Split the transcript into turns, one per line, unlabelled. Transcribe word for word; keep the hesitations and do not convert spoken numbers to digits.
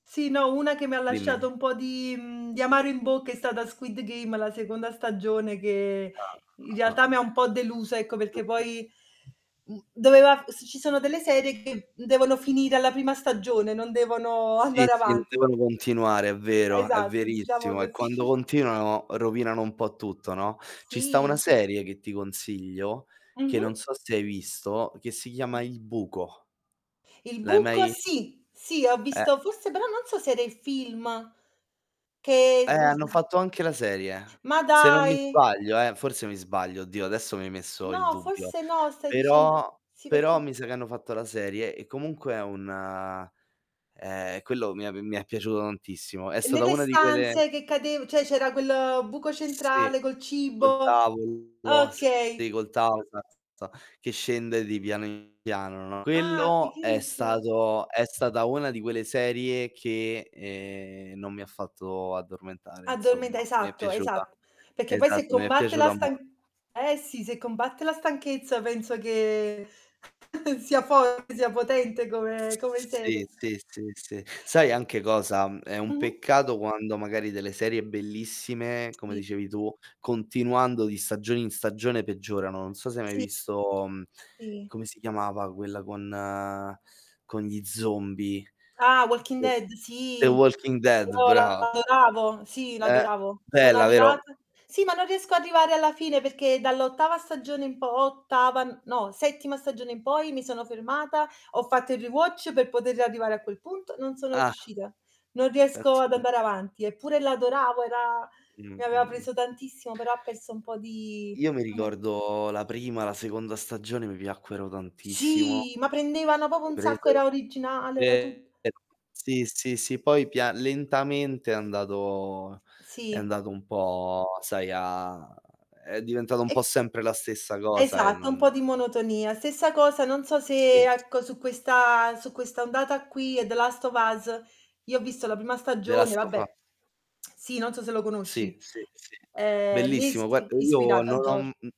Sì, no, una che mi ha
Dimmi
lasciato
di
un po' di, mhmm, di amaro in bocca è stata Squid Game, la seconda stagione che in
[unintelligible] Ah.
realtà mi ha un po' delusa, ecco,
[unintelligible]
perché poi mhmm, doveva f ci sono delle serie che devono finire alla prima stagione, non devono
Sì,
andare
sì, non
avanti.
devono continuare, è vero, è
Esatto, diciamo
verissimo. E
cos
quando continuano rovinano un po' tutto, no. Ci sta una
Sì.
serie che ti consiglio, che non
Mh-mh.
so se hai visto, che si chiama "Il buco".
Il
L'hai
buco?
mai
Sì, sì, ho
Eh,
visto forse
ehm
però non so se era il film,
Eh,
che
hanno
[unintelligible]
fatto anche la serie.
Ma
Se non mi
dai!
sbaglio, eh, forse mi sbaglio, oddio, adesso mi hai messo il
No,
dubbio.
forse no, stai dicend
Però
sì,
però
perché
mi sa che hanno fatto la serie e comunque è un ehm, quello mi è mi è piaciuto tantissimo. È stata
Nelle
una di quelle
stanze che cadev ceh c'era quel, ehm, buco
sì,
centrale, col
col
cibo.
tavolo, sì,
Okay.
col tavo esatto, esa che scende di piano in piano, no
Ah,
Quello è
fichissima.
stato è stata una di quelle serie che, ehm, non mi ha fatto addormentare,
Addormenta
insomma, mi è
esatto,
piaciuta.
esatt perché poi se
Esatto, mi è
combatte la
piaciuta
stan
mol
eh, sì, se combatte la stanchezza penso che sia forte sia potente come come
Sì,
serie.
sì, sì, sì. Sai anche cosa? È un
Mh-mh.
peccato quando magari delle serie bellissime, come
Sì.
dicevi tu, continuando di stagione in stagione peggiorano. Non so se hai mai
Sì.
visto, mhmm,
Sì.
come si chiamava quella con con gli zombie.
Ah, "Walking
[unintelligible]
Dead",
"The
sì.
Walking Dead",
No, la
braa.
adoravo. Sì,
Eh,
l'adoravo. Sono
bella, vero?
arrivata sì, ma non riesco ad arrivare alla fine perché dall'ottava stagione in po ottava no, settima stagione in poi mi sono fermata, ho fatto il rewatch per poter riarrivare a quel punto, non sono
Ah.
riuscita. Non riesco
Pensa
ad
te.
andare avanti. Eppure l'adoravo, era
Mh,
mi aveva
mh, mh.
preso tantissimo, però ha perso un po' di
Io mi
come
ricordo la prima, la seconda stagione, mi piacquero tantissimo
Sì, ma prendevano popo
mi
un sacco,
presero.
era originale, era
Ehm,
tut
sì, sì, sì, poi pia lentamente è andato è
Sì.
andato un po', sai, a è diventato un po'
E
sempre la stessa cosa e
Esatto, un
non
po' di monotonia. Stessa cosa, non so se,
Sì.
ecco, su questa su questa ondata qui, è "The Last of Us", io ho visto la prima
The
stagione,
Last of a
vabbè. Sì, non so se lo
Sì,
conosci.
sì, sì.
Ehm,
Bellissimo.
l'ispi
Guarda, io
ispirato a
non ho
Geor
m m